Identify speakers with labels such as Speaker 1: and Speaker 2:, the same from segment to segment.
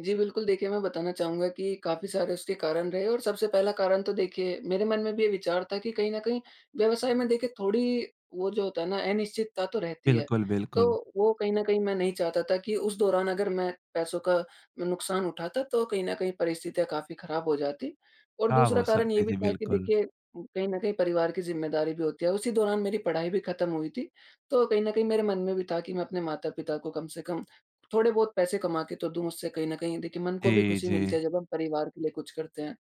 Speaker 1: जी, बिल्कुल देखिए मैं बताना चाहूँगा कि काफ़ी सारे उसके कारण रहे और सबसे पहला कारण तो देखिए, मेरे मन में भी ये विचार था कि कहीं न कहीं व्यवसाय में देखिए थोड़ी वो जो होता है ना, अनिश्चितता तो रहती है
Speaker 2: बिल्कुल,
Speaker 1: तो
Speaker 2: बिल्कुल।
Speaker 1: वो कहीं न कहीं मैं नहीं चाहता था कि उस दौरान अगर मैं पैसों का नुकसान उठाता तो कहीं न कहीं परिस्थितियाँ काफ़ी ख़राब हो जातीं। और
Speaker 2: ख़राब हो
Speaker 1: दूसरा कारण ये
Speaker 2: सकती
Speaker 1: भी
Speaker 2: थी,
Speaker 1: था कि
Speaker 2: बिल्कुल।
Speaker 1: देखिए, कहीं न कहीं परिवार की ज़िम्मेदारी भी होती है, उसी दौरान मेरी पढ़ाई भी ख़त्म हुई थी तो कहीं न कहीं मेरे मन में भी था कि मैं अपने माता-पिता को कम से कम थोड़े-बहुत पैसे कमा के तो दूँ, उससे कहीं न कहीं देखिए मन को भी
Speaker 2: जी,
Speaker 1: ख़ुशी
Speaker 2: जी।
Speaker 1: मिलती है, जब हम परिवार के लिए कुछ करते हैं।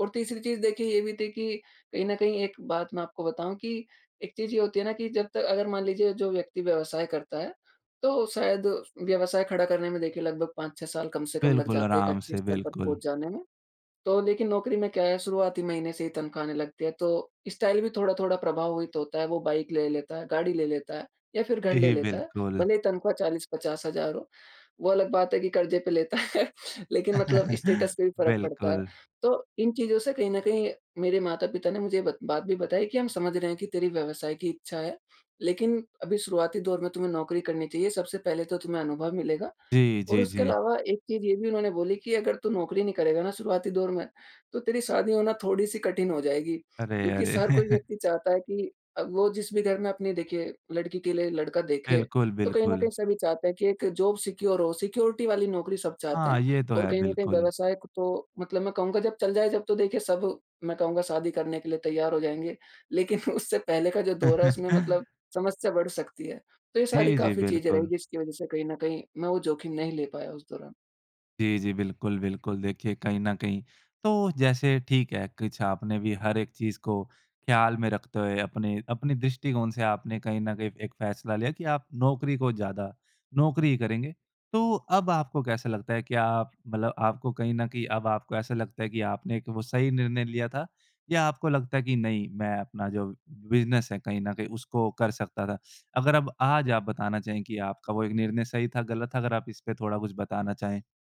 Speaker 1: और तीसरी चीज़ देखिए ये भी थी कि कहीं न कहीं एक बात मैं आपको बताऊँ कि एक चीज़ ये होती है ना कि जब तक अगर मान लीजिए जो व्यक्ति व्यवसाय करता है, तो शायद व्यवसाय खड़ा करने में देखिए लगभग 5-6 साल कम से कम लग
Speaker 2: बिल्कुल
Speaker 1: जाते हैं एक
Speaker 2: आराम
Speaker 1: अच्छे
Speaker 2: से,
Speaker 1: स्तर पर
Speaker 2: बिल्कुल।
Speaker 1: पहुँच जाने में। तो लेकिन नौकरी में क्या है शुरुआती महीने से ही तनख़्वाह आने लगती है तो स्टाइल भी थोड़ा-थोड़ा प्रभावित होता है, वो बाइक ले लेता है, गाड़ी ले लेता है या फिर घर ले
Speaker 2: जी,
Speaker 1: लेता है।
Speaker 2: बिल्कुल।
Speaker 1: भले ही तनख़्वाह 40-50,000 हो। वो अलग बात है कि कर्ज़े पे लेता है, लेकिन मतलब स्टेटस पे भी फ़र्क पड़ता है।
Speaker 2: बिल्कुल।
Speaker 1: तो इन चीज़ों से कहीं न कहीं मेरे माता-पिता ने मुझे ये बत बात भी बताई कि, "हम समझ रहे हैं कि तेरी व्यवसाय की इच्छा है, लेकिन अभी शुरुआती दौर में तुम्हें नौकरी करनी चाहिए सबसे पहले तो तुम्हें अनुभव मिलेगा।"
Speaker 2: जी,
Speaker 1: और
Speaker 2: जी,
Speaker 1: उसके
Speaker 2: जी।
Speaker 1: अलावा एक चीज़ ये भी उन्होंने बोली कि, "अगर तू नौकरी नहीं करेगा ना शुरुआती दौर में, तो तेरी शादी होना थोड़ी सी कठिन हो जाएगी।"
Speaker 2: अरे,
Speaker 1: क्योंकि
Speaker 2: अरे!
Speaker 1: स हर कोई व्यक्ति चाहता है कि अ, वो जिस भी घर में अपनी देखिए लड़की के लिए लड़का देखे
Speaker 2: बिल्कुल,
Speaker 1: तो कहीं न
Speaker 2: बिल्कुल।
Speaker 1: कहीं सभी चाहते हैं कि एक जॉब सिक्योर हो, सिक्योरिटी वाली नौकरी सब चाहते
Speaker 2: हाँ,
Speaker 1: हैं
Speaker 2: ये तो
Speaker 1: और
Speaker 2: है,
Speaker 1: कहीं न कहीं
Speaker 2: बिल्कुल।
Speaker 1: व्यवसाय क तो मतलब मैं कहूँगा जब चल जाए तब तो देखिए, सब मैं कहूँगा शादी करने के लिए तैयार हो जाएँगे, लेकिन उससे पहले का जो दौर है उसमें मतलब समस्या बढ़ सकती है। तो ये सारी
Speaker 2: जी, जी,
Speaker 1: काफ़ी चीज़ें रहीं
Speaker 2: बिल्कुल।
Speaker 1: जिसकी वज़ह से कहीं न कहीं मैं वो जोखिम नहीं ले पाया उस दौरान।
Speaker 2: जी, जी, बिल्कुल, बिल्कुल देखिए कहीं न कहीं तो जैसे ठीक है, कुछ आपने भी हर एक चीज़ को ख़्याल में रखते हुए अपने-अपने दृष्टिकोण से आपने कहीं न कहीं एक फ़ैसला लिया कि आप नौकरी को ज़्यादा नौकरी ही करेंगे। तो अब आपको कैसा लगता है कि आप मतलब आपको कहीं न कहीं अब आपको ऐसा लगता है कि आपने वो सही निर्णय लिया था या आपको लगता है कि नहीं मैं अपना जो बिज़नेस है, कहीं न कहीं उसको कर सकता था। अगर अब आज आप बताना चाहें कि आपका वो एक निर्णय सही था, गलत था अगर आप इसपे थोड़ा कुछ बताना चाहें?